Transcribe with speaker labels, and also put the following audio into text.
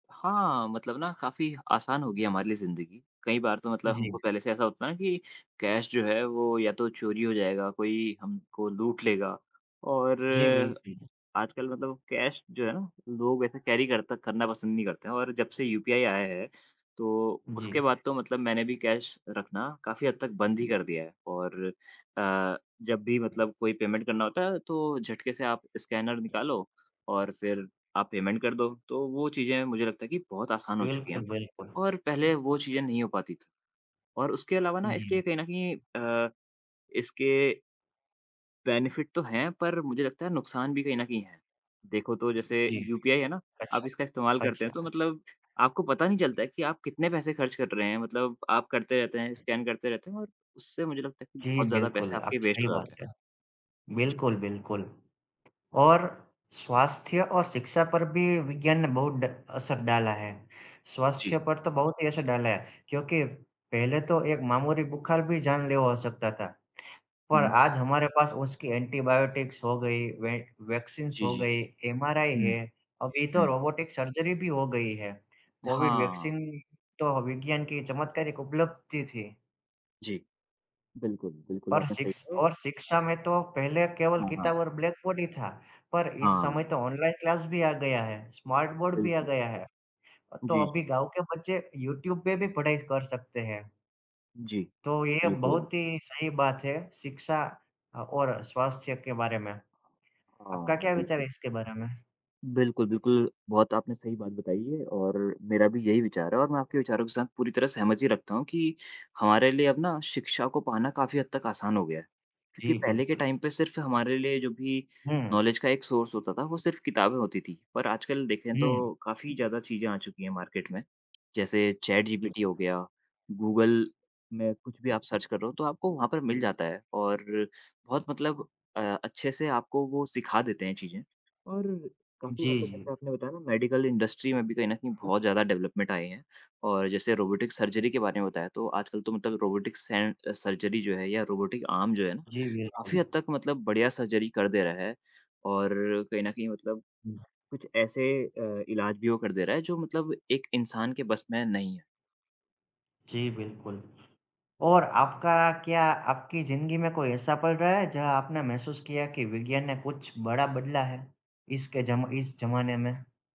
Speaker 1: हाँ, मतलब ना काफ़ी आसान हो गई है हमारे लिए जिंदगी। कई बार तो मतलब
Speaker 2: जी।
Speaker 1: हमको पहले से ऐसा होता है ना कि कैश जो है वो या तो चोरी हो जाएगा या कोई हमको लूट लेगा। और
Speaker 2: जी, बिल जी।
Speaker 1: आजकल मतलब कैश जो है ना लोग वैसे कैरी करते करना पसंद नहीं करते हैं और जब से यूपीआई आया है तो
Speaker 2: जी।
Speaker 1: उसके बाद तो मतलब मैंने भी कैश रखना काफ़ी हद तक बंद ही कर दिया है और अ, जब भी मतलब कोई पेमेंट करना होता है तो झटके से आप स्कैनर निकालो और फिर आप पेमेंट कर दो, तो वो चीज़ें मुझे लगता है कि बहुत आसान हो चुकी हैं
Speaker 2: बिल्कुल, बिल्कुल।
Speaker 1: और पहले वो चीज़ें नहीं हो पाती थी। और उसके अलावा
Speaker 2: जी।
Speaker 1: इसके कहीं न कहीं अ, इसके बेनेफिट तो हैं पर मुझे लगता है नुकसान भी कहीं न कहीं हैं। देखो तो जैसे
Speaker 2: जी,
Speaker 1: यूपीआई है ना, आप
Speaker 2: अच्छा,
Speaker 1: इसका इस्तेमाल करते हैं तो
Speaker 2: अच्छा।
Speaker 1: मतलब आपको पता नहीं चलता कि आप कितने पैसे खर्च कर रहे हैं। मतलब आप करते रहते हैं, स्कैन करते रहते हैं और उससे मुझे लगता है कि
Speaker 2: जी,
Speaker 1: बहुत ज़्यादा
Speaker 2: बिल्कुल,
Speaker 1: पैसे आपके
Speaker 2: आपने
Speaker 1: वेस्ट
Speaker 2: सही
Speaker 1: हो
Speaker 2: बात
Speaker 1: जाते हैं।
Speaker 2: कहा,
Speaker 1: जी।
Speaker 2: बिल्कुल, बिल्कुल। और स्वास्थ्य और शिक्षा पर भी विज्ञान ने बहुत ड़ असर डाला है। स्वास्थ्य
Speaker 1: जी।
Speaker 2: पर तो बहुत ही असर डाला है क्योंकि पहले तो एक मामूली बुखार भी जानलेवा हो सकता था। पर
Speaker 1: हुँ।
Speaker 2: आज हमारे पास उसकी एंटीबायोटिक्स हो गई, वैक वैक्सीन्स
Speaker 1: जी,
Speaker 2: हो
Speaker 1: जी।
Speaker 2: गई, एमआरआई
Speaker 1: हुँ,
Speaker 2: है और अभी तो
Speaker 1: हुँ।
Speaker 2: रोबोटिक सर्जरी भी हो गई है, कोविड
Speaker 1: हाँ।
Speaker 2: वैक्सीन तो विज्ञान की चमत्कारिक उपलब्धि थी।
Speaker 1: जी, बिल्कुल। बिल्कुल
Speaker 2: और
Speaker 1: आपने सही
Speaker 2: शिक्ष
Speaker 1: कहा और
Speaker 2: और शिक्षा में तो पहले केवल
Speaker 1: हाँ, हाँ।
Speaker 2: किताब और ब्लैक बोर्ड ही था। पर इस
Speaker 1: हाँ।
Speaker 2: समय तो ऑनलाइन क्लास भी आ गया है, स्मार्ट बोर्ड भी आ
Speaker 1: बिल्कुल।
Speaker 2: गया है, तो
Speaker 1: जी, जी।
Speaker 2: अभी गाँव के बच्चे यूट्यूब पे भी पढ़ाई कर सकते हैं।
Speaker 1: जी,
Speaker 2: तो ये
Speaker 1: बिल्कुल।
Speaker 2: बहुत ही सही बात है शिक्षा अ, और स्वास्थ्य के बारे में। आपका
Speaker 1: हाँ,
Speaker 2: क्या विचार है
Speaker 1: बिल्कुल।
Speaker 2: इसके बारे में?
Speaker 1: बिल्कुल, बिल्कुल, बहुत आपने सही बात बताई है और मेरा भी यही विचार है और मैं आपके विचारों के साथ पूरी तरह सहमति रखता हूँ कि हमारे लिए अब ना शिक्षा को पाना काफ़ी हद तक आसान हो गया है। क्योंकि
Speaker 2: जी,
Speaker 1: पहले के
Speaker 2: बिल्कुल।
Speaker 1: टाइम पे सिर्फ हमारे लिए जो भी
Speaker 2: हुँ।
Speaker 1: नॉलेज का एक सोर्स होता था, वो सिर्फ़ किताबें होती थीं। पर आजकल देखें
Speaker 2: हुँ।
Speaker 1: तो काफ़ी ज़्यादा चीजें आ चुकी हैं मार्केट में। जैसे
Speaker 2: जी।
Speaker 1: चैटजीपीटी हो गया, गूगल में कुछ भी आप सर्च कर रहे हो तो आपको वहाँ पर मिल जाता है और बहुत मतलब अ, अच्छे से आपको वो सिखा देते हैं चीजें। और
Speaker 2: जी,
Speaker 1: काफ़ी मतलब जैसे
Speaker 2: जी।
Speaker 1: आपने बताया ना मेडिकल इंडस्ट्री में भी कहीं न कहीं बहुत ज़्यादा डेवलपमेंट आए हैं और जैसे रोबोटिक सर्जरी के बारे में बताया तो आजकल तो मतलब रोबोटिक सेंज सर्जरी जो है या रोबोटिक आर्म जो हैं,
Speaker 2: जी, बिल्कुल।
Speaker 1: काफ़ी हद तक मतलब बढ़िया सर्जरी कर दे रहा है और कहीं न कहीं मतलब
Speaker 2: हुँ।
Speaker 1: कुछ ऐसे अ, इलाज भी वो कर दे रहा है जो मतलब एक इंसान के बस में नहीं है।
Speaker 2: जी, बिल्कुल और आपका क्या, आपकी ज़िंदगी में कोई ऐसा पल रहा है जहाँ आपने महसूस किया कि विज्ञान ने कुछ बड़ा बदला है इसके जमा इस जमाने में?